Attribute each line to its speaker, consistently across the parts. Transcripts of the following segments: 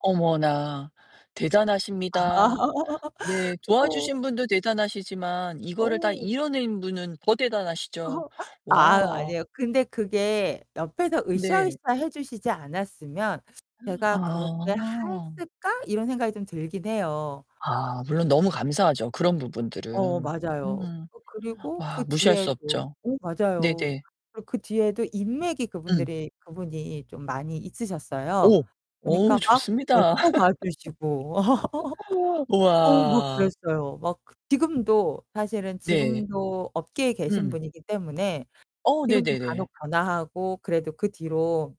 Speaker 1: 어머나, 대단하십니다. 네,
Speaker 2: 어.
Speaker 1: 도와주신 분도 대단하시지만, 이거를 다
Speaker 2: 어.
Speaker 1: 이뤄낸 분은 더 대단하시죠.
Speaker 2: 아
Speaker 1: 와.
Speaker 2: 아니에요. 근데 그게 옆에서
Speaker 1: 네.
Speaker 2: 으쌰으쌰 해 주시지 않았으면 제가 그렇게
Speaker 1: 아.
Speaker 2: 했을까? 이런 생각이 좀 들긴 해요.
Speaker 1: 아 물론 너무 감사하죠 그런
Speaker 2: 어
Speaker 1: 부분들은.
Speaker 2: 맞아요.
Speaker 1: 음.
Speaker 2: 어 그리고 그
Speaker 1: 와 무시할 수
Speaker 2: 뒤에도
Speaker 1: 없죠.
Speaker 2: 어 맞아요.
Speaker 1: 네네.
Speaker 2: 그리고 그 뒤에도 인맥이
Speaker 1: 응.
Speaker 2: 그분들이 그분이 좀 많이 있으셨어요.
Speaker 1: 오,
Speaker 2: 그니까
Speaker 1: 오우,
Speaker 2: 막 네
Speaker 1: 좋습니다.
Speaker 2: 꼭 와주시고. 어우 막
Speaker 1: 우와.
Speaker 2: 그랬어요. 막 지금도 사실은
Speaker 1: 네.
Speaker 2: 지금도 업계에 계신
Speaker 1: 음.
Speaker 2: 분이기 때문에
Speaker 1: 어
Speaker 2: 지금도 간혹
Speaker 1: 네네네.
Speaker 2: 전화하고 그래도 그 뒤로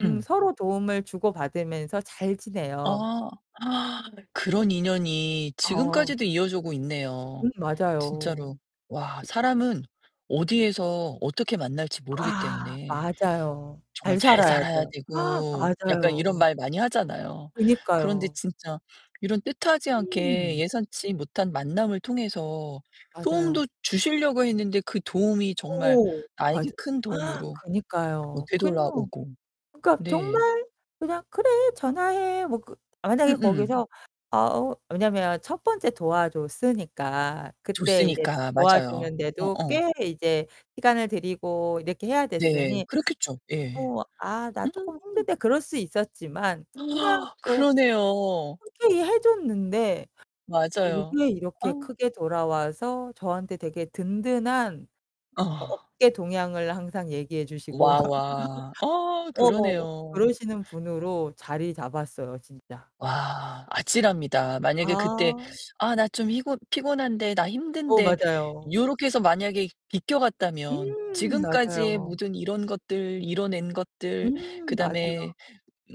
Speaker 2: 음
Speaker 1: 음.
Speaker 2: 서로 도움을 주고 받으면서 잘 지내요.
Speaker 1: 아 그런 인연이
Speaker 2: 어.
Speaker 1: 지금까지도 이어져 오고
Speaker 2: 음
Speaker 1: 있네요.
Speaker 2: 맞아요.
Speaker 1: 진짜로. 와 사람은 어디에서 어떻게 만날지 모르기
Speaker 2: 아
Speaker 1: 때문에
Speaker 2: 맞아요.
Speaker 1: 정말
Speaker 2: 잘
Speaker 1: 잘 살아야
Speaker 2: 살아야죠.
Speaker 1: 되고 약간 이런
Speaker 2: 맞아요.
Speaker 1: 말 많이 하잖아요. 그런데
Speaker 2: 그니까요.
Speaker 1: 진짜 이런 뜻하지 않게
Speaker 2: 음.
Speaker 1: 예상치 못한 만남을 통해서
Speaker 2: 맞아요.
Speaker 1: 도움도 주시려고 했는데 그 도움이 정말
Speaker 2: 어.
Speaker 1: 나에게
Speaker 2: 맞아
Speaker 1: 큰 도움으로 어
Speaker 2: 그니까요. 그냥
Speaker 1: 되돌아오고.
Speaker 2: 그니까
Speaker 1: 네.
Speaker 2: 정말 그냥 "그래 전화해." 뭐 그 만약에
Speaker 1: 음음.
Speaker 2: 거기서 아 어 왜냐면 첫 번째 도와줬으니까 그때 이제
Speaker 1: 줬으니까. 맞아요.
Speaker 2: 도와주는 데도
Speaker 1: 어어.
Speaker 2: 꽤 이제 시간을 들이고 이렇게 해야
Speaker 1: 네,
Speaker 2: 됐으니
Speaker 1: 그렇겠죠. 예.
Speaker 2: 뭐 "아 나
Speaker 1: 음.
Speaker 2: 쪼끔 힘든데." 그럴 수 있었지만 그냥 뭐
Speaker 1: 그러네요.
Speaker 2: 흔쾌히 해줬는데
Speaker 1: 맞아요.
Speaker 2: 요게 이렇게
Speaker 1: 아.
Speaker 2: 크게 돌아와서 저한테 되게 든든한
Speaker 1: 어.
Speaker 2: 업계 동향을 항상 얘기해 주시고.
Speaker 1: 와 와. 어
Speaker 2: 어어
Speaker 1: 그러네요.
Speaker 2: 그러시는 분으로 자리 잡았어요, 진짜.
Speaker 1: 와, 아찔합니다. 만약에 그때
Speaker 2: 아.
Speaker 1: 아 나 좀 피곤 피곤한데, 나
Speaker 2: 어,
Speaker 1: 힘든데,
Speaker 2: 맞아요.
Speaker 1: 요렇게 해서 만약에 비껴갔다면
Speaker 2: 음
Speaker 1: 지금까지의
Speaker 2: 맞아요.
Speaker 1: 모든 이런 것들, 이뤄낸 것들,
Speaker 2: 음 맞아요.
Speaker 1: 그다음에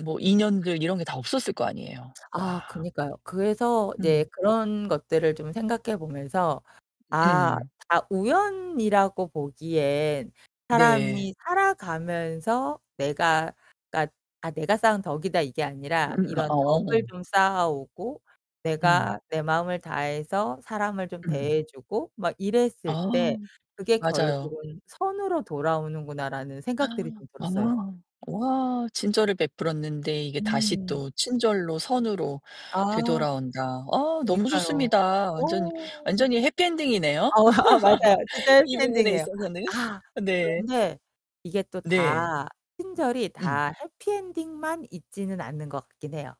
Speaker 1: 뭐 인연들 이런 게 다 없었을 거 아니에요.
Speaker 2: 아
Speaker 1: 와.
Speaker 2: 그러니까요. 그래서 네
Speaker 1: 음.
Speaker 2: 그런 것들을 좀 생각해 보면서 '아
Speaker 1: 음.
Speaker 2: 다 우연이라고 보기엔
Speaker 1: 네.
Speaker 2: 사람이 살아가면서 내가 그니까 아 내가 쌓은 덕이다 이게 아니라
Speaker 1: 음음
Speaker 2: 이런
Speaker 1: 아아
Speaker 2: 덕을
Speaker 1: 어.
Speaker 2: 좀 쌓아오고 내가
Speaker 1: 음.
Speaker 2: 내 마음을 다해서 사람을 좀
Speaker 1: 음.
Speaker 2: 대해주고 막 이랬을
Speaker 1: 아,
Speaker 2: 때 그게
Speaker 1: 맞아요.
Speaker 2: 결국은 선으로 돌아오는구나.'라는 생각들이 좀
Speaker 1: 아.
Speaker 2: 들었어요.
Speaker 1: 와, 친절을 베풀었는데 이게 다시
Speaker 2: 음.
Speaker 1: 또 친절로 선으로
Speaker 2: 아.
Speaker 1: 되돌아온다. 아 너무
Speaker 2: 그니까요.
Speaker 1: 좋습니다. 완전히,
Speaker 2: 어.
Speaker 1: 완전히 해피 엔딩이네요.
Speaker 2: 어 아 맞아요. 진짜 해피
Speaker 1: 이 부분에
Speaker 2: 엔딩이에요.
Speaker 1: 있어서는.
Speaker 2: 아.
Speaker 1: 네.
Speaker 2: 그런데 이게 또
Speaker 1: 네.
Speaker 2: 다 친절이
Speaker 1: 음.
Speaker 2: 다 해피 엔딩만 있지는 않는 것 같긴 해요.